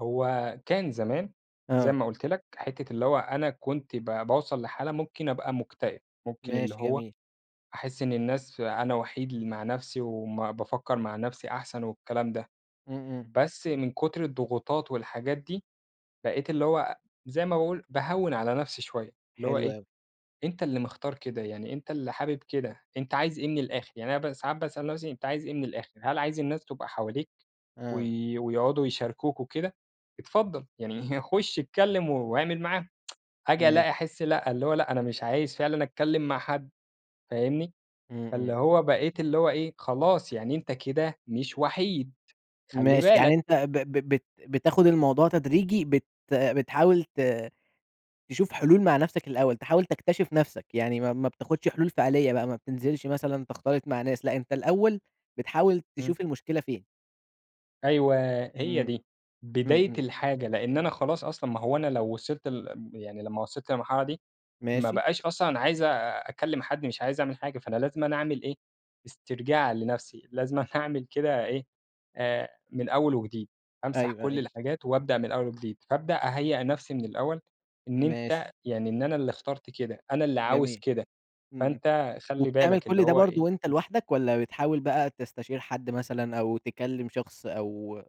هو كان زمان- زي آه. ما قُلت لك- حِتّة اللي هو أنا كنت ب باوصَل لحالة ممكن أبقى مكتئب، ممكن اللي ماشي، هو جميل. أحس إن الناس ف أنا وحيد ل مع نفْسي وبافكّر مع نفْسي أحسن والكلام ده، إمم، إمم. بس من كُتر الضغوطات والحاجات دي بقيت اللي هو زي ما باقول- باهوِّن على نفْسي شوية، اللي هو حلو إيه، أوي. أنت اللي مختار كده، يعني أنت اللي حابب كده، أنت عايز إيه من الآخِر يعني أنا ب ساعات باسأل نفْسي أنت عايز إيه من الآخِر، هل عايز الناس تبقى حواليك آه. وي ويقعدوا يشاركوك وكده، اتفضّل، يعني خُش اتكلّم و واعمل معاهم، آجي ماشي. ألاقي أحس لأ، ال هو لأ، أنا مش عايز فعلًا أتكلّم مع حد، فاهمني؟ إمم، فاللي إمم. هو بقيت اللي هو إيه، خلاص يعني أنت كده مش وحيد خلّي ماشي، يعني بالك. أنت ب ب بت بتاخد الموضوع تدريجي، بت بتحاول ت تشوف حلول مع نفْسك الأول، تحاول تكتشِف نفْسك، يعني ما ما بتاخدش حلول فعليّة بقى ما بتنزِلش مثلًا تختلِط مع ناس لأ، أنت الأول بتحاول إمم. تشوف المشكلة فين. أيوه، هي إمم. دي إمم، بداية إمم. الحاجة لأن أنا خلاص أصلًا، ما هو أنا لو وصِلت لل ام يعني لما وصِلت للمرحلة دي ما ماشي. بقاش أصلًا أنا عايز أ أكلّم حد، مش عايز أعمل حاجة، فأنا لازمًا أعمل إيه، استرجاع لنفْسي، لازمًا أعمل كده إيه آآ، من أول وجديد. أمسَح أيوه، كلّ أيوه. الحاجات وأبدأ من أول وجديد، فأبدأ أهيّأ نفْسي من الأول إن أنت، ماشي. يعني إن أنا اللي اخترت كده، أنا اللي عاوز جميل، كده، إمم، إمم. فأنت خلّي وبتعمل بالك، اللي كلّ ده هو برضه إيه وأنت لوحدك، والّا بتحاول بقى تستشير حد مثلًا أو تكلّم شخص أو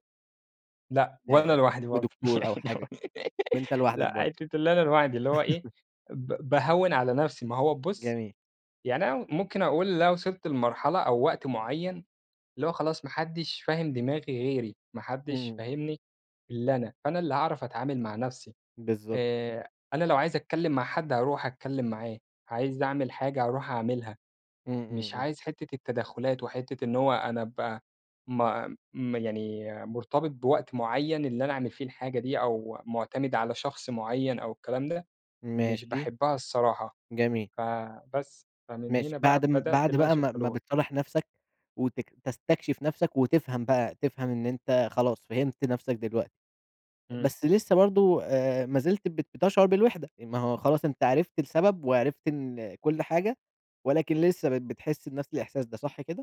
لأ وأنا آآ لوحدي برضه، لدكتور أو حاجة؟ وأنت لوحدك برضه. لأ، [unintelligible] اللي أنا لوحدي اللي هو إيه، ب باهوِّن على نفْسي، ما هو بُصّ، جميل. يعني أنا ممكن أقول اللي أنا وصَلت لمرحلة أو وقت مُعيّن، اللي هو خلاص ما حدّش فاهم دماغي غيري، ما حدّش إمم. فاهمني إلا أنا، فأنا اللي هاعرَف أتعامل مع نفْسي بالضبط. آآ، أنا لو عايز أتكلّم مع حد هارُوح أتكلّم معاه، عايز أعمل حاجة هارُوح أعملها، إمم، إمم، مش إمم. عايز حِتّة التدخُّلات وحِتّة إن هو أنا أبقى ما م يعني مرتبِط بوقت معيّن اللي أنا أعمل فيه الحاجة دي أو مُعتمِد على شخص معيّن أو الكلام ده، مش ماشي. باحبها الصراحة. جميل. فبس، فمن ماشي. هنا بقى بَعد م بدأت بَعد اللي أنا بقى أشوف ما ما حلول. بتصالح نفْسك وتك تستكشِف نفْسك وتفهَم بقى، تفهَم إن أنت خلاص فهمت نفْسك دلوقتي، إمم. بس لسه برضه آآ ما زلت بت بتشعُر بالوحدة، ما هو خلاص أنت عرِفت السبب وعرِفت إن كلّ حاجة، ولكن لسه بت بتحس بنفْس الإحساس ده، صح كده؟